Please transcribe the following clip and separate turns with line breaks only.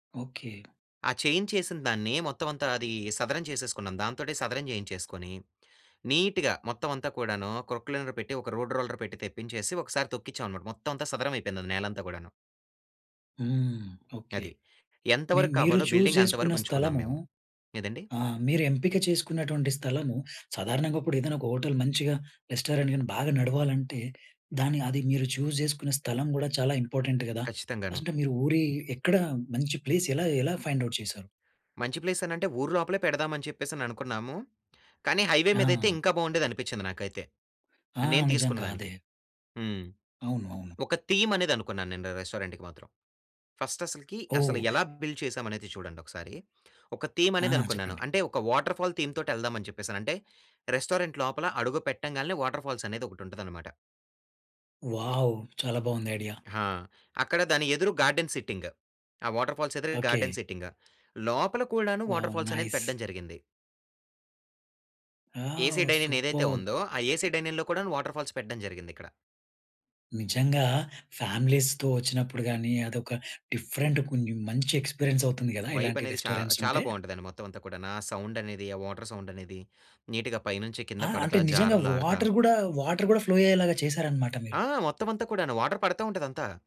Okay.
ఆ చేయించేసినదాన్ని మొత్తం అంతా అది సదరం చేసేసుకున్నాం. దాంతోటే సదరం చేయించేసుకొని, నీట్‌గా మొత్తం అంతా కూడాను, క్రోక్లైనర్ పెట్టి, ఒక రోడ్ రోలర్ పెట్టి తెప్పించేసి, ఒకసారి తొక్కించాం అన్నమాట. మొత్తం అంతా సదరం అయిపోయింది నేలంతా గూడాను.
హ్మ్. ఓకే.
అది. ఎంత
మీ మీరు
వరక్కావాలో
చూ‌జ్
బిల్డింగ్ అంత
చేసుకున్న
వరకుంచుకున్నాం
స్థలము
మేము. ఎదండి?
ఆహ్, మీరెంపిక చేసుకున్నటువంటి స్థలము సాధారణంగా ఇప్పుడు ఏదన్నా ఒక హోటల్ మంచిగా రెస్టారెంట్ గాని బాగా నడవాలంటే దాన్ని అది మీరు చూజ్ చేసుకునే స్థలం గూడా చాలా ఇంపార్టెంట్ గదా.
ఖచ్చితంగాను.
అసుంటె మీరు ఊరి ఎక్కడ మంచి ప్లేస్ ఎలా, ఎలా ఫైండ్ అవుట్ చేశారు?
మంచి ప్లేసనంటే, ఊరు లోపలే పెడదాం అని చెప్పేసి అని అనుకున్నాము. కానీ హైవే మీదైయితే
ఆ!
ఇంకా బాగుండేది అనిపిచ్చింది నాకైతే.
ఆ!
మరినేను తీసుకున్న
నిజంగా
దానికి.
అదే.
హ్మ్.
అవును. అవును.
ఒక థీమ్ అనేది అనుకున్నాను నేను ర రెస్టారెంట్‌కి మాత్రం. ఫస్ట్ అసలకి, అసల
ఓహ్!
ఎలా బిల్డ్ చేసాం అనేది చూడండి ఒకసారి. ఒక థీమ్
ఆ!
అనేది అనుకున్నాను.
చెప్పండి.
అంటే ఒక వాటర్‌ఫాల్ థీమ్‌తోటేళ్దాం అని చెప్పేసని. అంటే రెస్టారెంట్ లోపల అడుగు పెట్టంగాల్నే వాటర్‌ఫాల్స్ అనేది ఒకటి ఉంటది అన్నమాట.
వావ్! చాలా బావుంది ఐడియా.
ఆ! అక్కడ దాని ఎదురు గార్డెన్ సిట్టింగ్. ఆ వాటర్‌ఫాల్స్ ఎదురుగ గార్డెన్
ఓకే.
సిట్టింగ్. లోపల కూడాను
వావ్!
వాటర్‌ఫాల్స్ అనేది
నైస్.
పెడ్డం జరిగింది. ఏసీ
ఆవ్
డైనిన్ ఏదైతే
సూపర్బ్.
ఉందో, ఆ ఏసీ డైనిన్‌లో కూడాను వాటర్‌ఫాల్స్ పెడ్డం జరిగింది ఇక్కడ.
నిజంగా ఫ్యామిలీస్‌తో వచ్చినప్పుడు గాని, అదొక డిఫరెంట్ కొన్ని మంచి ఎక్స్‌పీ‌రియన్స్ అవుతుంది కదా!
వైబ్
ఇలాంటి
అనేది చా
రెస్టారెంట్స్
చాలా
ఉంటే.
బాగుంటదండి. మొత్తం అంతా కూడాన. ఆ సౌండ్ అనేది, ఆ వాటర్ సౌండ్ అనేది, నీట్‌గా పైనుంచి కింద
ఆ! అంటే
పడతా
నిజంగా
జారులాడతా.
వాటర్ గూడా వాటర్ గూడా ఫ్లో అయ్యేలాగా చేసారన్నమాట మీరు.
ఆ! మొత్తం అంతా కూడాను. వాటర్ పడతా ఉంటది అంతా.